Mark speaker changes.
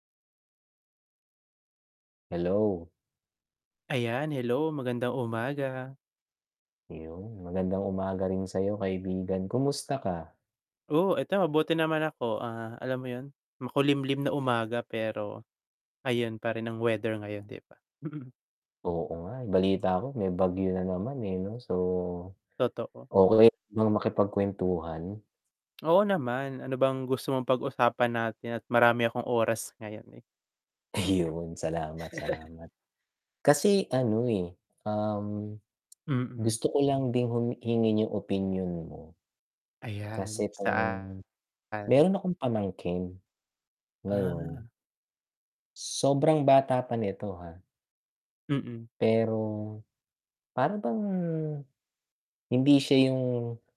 Speaker 1: Hello.
Speaker 2: Ayan hello, magandang umaga.
Speaker 1: Ayun, magandang umaga rin sa'yo kaibigan, kumusta ka?
Speaker 2: Oo, eto mabuti naman ako, ah, alam mo 'yun, makulimlim na umaga pero, ayun pa rin ang weather ngayon 'di ba? Mm.
Speaker 1: Oo nga, eh, balita ko may bagyo na naman, eh, 'no so,
Speaker 2: Totoo.
Speaker 1: okey lang bang makipagkuwentuhan?
Speaker 2: Oo naman, ano bang gusto mong pag-usapan natin at marami akong oras ngayon, eh.
Speaker 1: Iyon, salamat, salamat. Kasi ano, eh, um,
Speaker 2: Mm.
Speaker 1: gusto ko lang din hum hingiin yung opinyon mo.
Speaker 2: Ayan,
Speaker 1: Kasi 'tong
Speaker 2: saan?
Speaker 1: mayro'n akong pamangkin. Ngayon
Speaker 2: Ah.
Speaker 1: sobrang bata pa nito, ha.
Speaker 2: Mm.
Speaker 1: Pero, para bang, hindi siya yung